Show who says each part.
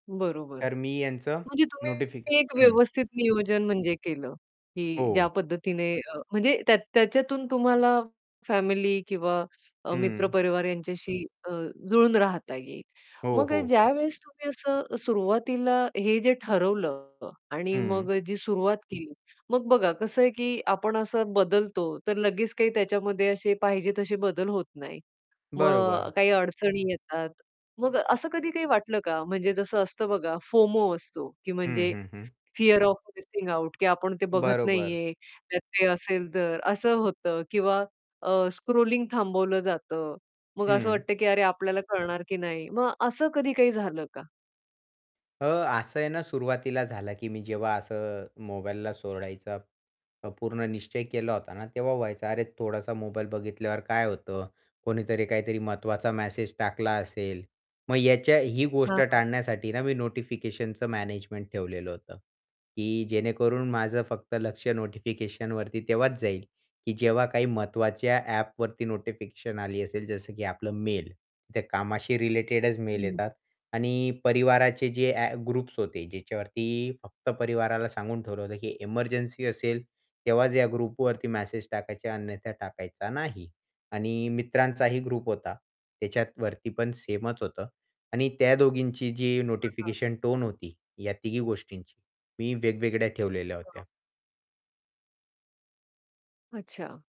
Speaker 1: बरोबर,
Speaker 2: तर मी यांचं
Speaker 1: म्हणजे
Speaker 2: नोटिफि
Speaker 1: तुम्ही एक
Speaker 2: हं.
Speaker 1: व्यवस्थित नियोजन म्हणजे केलं, की ज्या
Speaker 2: हो.
Speaker 1: पद्धतीने अ, म्हणजे त्या त्याच्यातून तुम्हाला फॅमिली किंवा अ, मित्र
Speaker 2: हं.
Speaker 1: परिवार यांच्याशी अ, जुळून राहता येईल.
Speaker 2: हो,
Speaker 1: मग अ,
Speaker 2: हो.
Speaker 1: ज्यावेळेस तुम्ही असं सुरुवातीला हे जे ठरवलं आणि
Speaker 2: हं.
Speaker 1: मग अ, जी सुरुवात केली, मग बघा कसं आहे, की आपण असं बदलतो, तर लगेच काही त्याच्यामध्ये असे पाहिजे असे बदल होत नाहीत. मग
Speaker 2: बरोबर.
Speaker 1: काही अडचणी येतात. मग असं कधी काही वाटलं का? म्हणजे जसं असतं बघा, फोमो असतो, की
Speaker 2: हं,
Speaker 1: म्हणजे
Speaker 2: हं, हं.
Speaker 1: फिअर ऑफ मिसिंग आउट की आपण ते बघत
Speaker 2: बरोबर.
Speaker 1: नाहीये त्यात काय असेल तर. असं होतं किंवा अ, स्क्रॉलिंग थांबवलं जातं. मग असं
Speaker 2: हं.
Speaker 1: वाटतं, की अरे आपल्याला कळणार की नाही, मग असं कधी काही झालं का?
Speaker 2: अ, असं आहे ना, सुरुवातीला झालं, की मी जेव्हा असं मोबाईलला सोडायचा प पूर्ण निश्चय केला होता ना, तेव्हा व्हायचं, अरे, थोडासा मोबाईल बघितल्यावर काय होतं, कोणीतरी काहीतरी महत्त्वाचा मॅसेज टाकला असेल मग याच्या ही
Speaker 1: हां,
Speaker 2: गोष्ट
Speaker 1: हां.
Speaker 2: टाळण्यासाठी ना मी नोटिफिकेशनचं मॅनेजमेंट ठेवलेलं होतं, की जेणेकरून माझं फक्त लक्ष नोटिफिकेशनवरती तेव्हाच जाईल, की जेव्हा काही महत्त्वाच्या ॲपवरती नोटिफिकेशन आली असेल, जसं की आपलं मेल. त्या कामशी रिलेटेडच मेल येतात आणि परिवाराचे जे ॲ ग्रुप्स होते ज्याच्यावरती फक्त परिवाराला सांगून ठेवलं होतं, की "एमर्जन्सी असेल तेव्हाच या ग्रुपवरती मेसेज टाकायचे अन्यथा टाकायचा नाही." आणि मित्रांचा ही ग्रुप होता. त्याच्यावरती पण सेमच होतं आणि त्या दोघींची जी
Speaker 1: हां, हां.
Speaker 2: नोटिफिकेशन टोन होती या तिघी गोष्टींची, मी वेगवेगळ्या ठेवलेल्या
Speaker 1: हां.
Speaker 2: होत्या.
Speaker 1: अच्छा.